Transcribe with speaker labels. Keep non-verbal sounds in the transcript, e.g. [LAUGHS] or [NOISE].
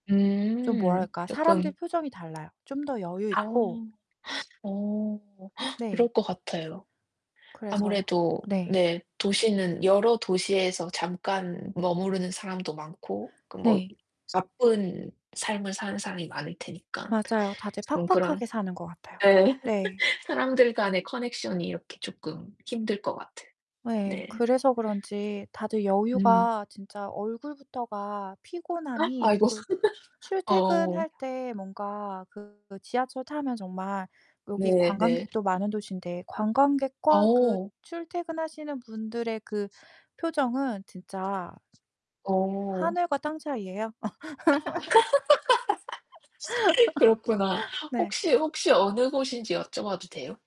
Speaker 1: 좀
Speaker 2: 음
Speaker 1: 뭐랄까
Speaker 2: 쪼끔.
Speaker 1: 사람들 표정이 달라요. 좀 더
Speaker 2: 아우
Speaker 1: 여유있고
Speaker 2: [GASPS] 어 [GASPS]
Speaker 1: 네.
Speaker 2: 그럴 것 같아요.
Speaker 1: 그래서
Speaker 2: 아무래도
Speaker 1: 네.
Speaker 2: 네. 도시는 여러 도시에서 잠깐 머무르는 사람도 많고 그 뭐
Speaker 1: 네.
Speaker 2: 바쁜 삶을 사는 사람이 많을 테니까
Speaker 1: 맞아요. 다들
Speaker 2: 좀 그런
Speaker 1: 팍팍하게 사는 것 같아요.
Speaker 2: 예
Speaker 1: 네.
Speaker 2: [LAUGHS] 사람들 간의 커넥션이 이렇게 쪼끔 힘들 것 같은.
Speaker 1: 예.
Speaker 2: 네.
Speaker 1: 그래서 그런지 다들
Speaker 2: 음.
Speaker 1: 여유가 진짜 얼굴부터가
Speaker 2: 어?
Speaker 1: 피곤함이
Speaker 2: 아이고.
Speaker 1: 그
Speaker 2: [LAUGHS] 어.
Speaker 1: 출퇴근할 때 뭔가 그 지하철 타면 정말 여기
Speaker 2: 네 네.
Speaker 1: 관광객도 많은 도시인데 관광객과 그
Speaker 2: 어.
Speaker 1: 출퇴근하시는 분들의 그 표정은 진짜
Speaker 2: 어.
Speaker 1: 하늘과 땅 차이예요.
Speaker 2: [LAUGHS] 그렇구나.
Speaker 1: [LAUGHS] 네.
Speaker 2: 혹시 혹시 어느 곳인지 여쭤봐도 돼요?